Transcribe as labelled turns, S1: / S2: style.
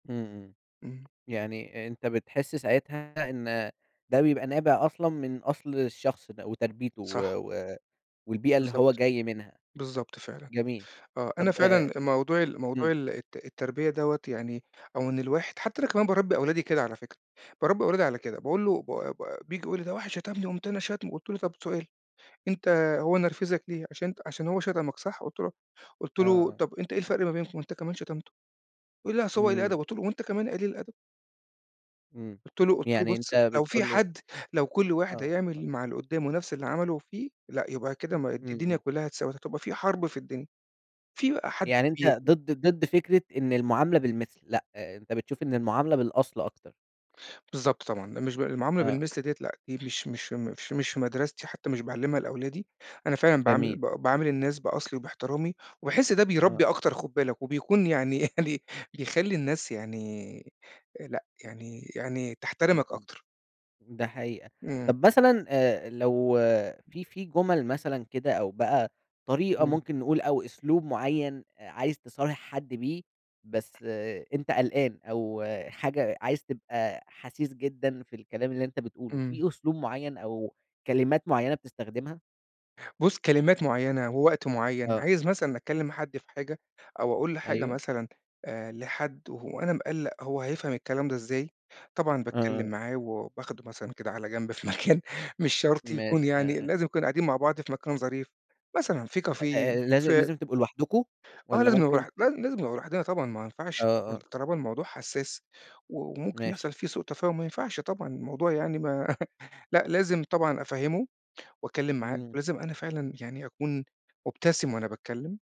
S1: إمم إمم.
S2: إمم.
S1: يعني أنت بتحس ساعتها إن ده بيبقى نابع أصلًا من أصل الشخص ده، وتربيته و
S2: صح.
S1: و والبيئة اللي هو
S2: بالضبط.
S1: جاي منها؟
S2: بالضبط فعلًا،
S1: جميل.
S2: آه أنا
S1: طب
S2: فعلًا
S1: أ
S2: موضوع ال موضوع
S1: امم.
S2: ال الت التربية دوّة يعني أو إن الواحد حتى أنا كمان بارَبّي أولادي كده على فكرة، بارَبّي أولادي على كده، باقول له ب ب بييجي يقول لي: "ده واحد شتمني، قُمت أنا شاتمه" قُلت له: "طب سؤال أنت هو نرفِزك ليه؟ عشان ان عشان هو شتمك صح؟" قُلت له قُلت
S1: آه
S2: له:
S1: آه.
S2: "طب أنت إيه الفرق ما بينكم؟ ما أنت كمان شتمته!" يقول لي: "أصل هو قليل الأدب،"
S1: إمم.
S2: قُلت له: "وأنت كمان قليل الأدب."
S1: إمم.
S2: قُلت له قُلت له:
S1: يعني
S2: "بُصّ
S1: أنت
S2: لو في
S1: بتقول له
S2: حد لو كُل واحد
S1: آه.
S2: هيعمل مع اللي قُدّامه نفس اللي عمله فيه لأ، يبقى كده ما الد
S1: امم،
S2: الدنيا
S1: امم.
S2: كُلّها اتساوت، هتبقى في حرب في الدنيا. في بقى حد
S1: يعني
S2: بي"
S1: أنت ضد ضد فكرة إن المعاملة بالمِثل، لأ أنت بتشوف إن المعاملة بالأصل أكتر؟
S2: بالضبط طبعًا [unintelligible] المعاملة
S1: آه.
S2: بالمثل ديّة لأ دي مش مش مش مش في مدرستي حتى مش باعلّمها لأولادي، أنا فعلًا باعامِل ب
S1: جميل.
S2: باعامِل الناس بأصلي، وباحترامي، وباحس ده بيرَبّي
S1: آه.
S2: أكتر خُد بالك وبيكون يعني يعني بيخَلّي الناس يعني لأ يعني يعني تحترمك
S1: [unintelligible]
S2: أكتر.
S1: ده حقيقة.
S2: إمم.
S1: طب مثلًا آآ لو في في جُمل مثلًا كده أو بقى طريقة
S2: إمم.
S1: ممكن نقول أو أسلوب مُعين أ عايز تصارح حد بيه، بس أنت قلقان أو حاجة عايز تبقى حسيس جدًا في الكلام اللي أنت بتقوله،
S2: إمم.
S1: في أسلوب مُعين أو كلمات مُعينة بتستخدمها؟
S2: بُصّ كلمات مُعينة ووقت معين،
S1: آه.
S2: عايز مثلًا إنّى أتكلم مع حد في حاجة، أو أقول لحاجة
S1: أيوه.
S2: مثلًا آآ لحد وه وأنا مقَلّق هو هيفهم الكلام ده إزاي، طبعًا
S1: آه،
S2: باتكلم
S1: آه.
S2: معاه وباخده مثلًا كده على جنب في مكان مش شرط يكون
S1: ماشي.
S2: يعني
S1: آه، آه.
S2: لازم يكون قاعدين مع بعض في مكان ظريف، مثلًا في
S1: أ
S2: كافيه
S1: لاز
S2: في
S1: لازم تبقوا لوحدكم
S2: آه
S1: والّا
S2: لازم نبقى
S1: ممكن
S2: بر
S1: ت
S2: لا لازم نبقى لوحدنا طبعًا ما
S1: آه،
S2: ينفعش
S1: آه.
S2: ط طالما الموضوع حساس وممكن
S1: ماشي.
S2: يحصل فيه سوء تفاهم ما ينفعش طبعًا الموضوع يعني ما لأ لازم طبعًا أفَهّمه، وأتكلّم معاه
S1: إمم.
S2: ولازم أنا فعلًا يعني أكون مبتسم وأنا باتكلّم.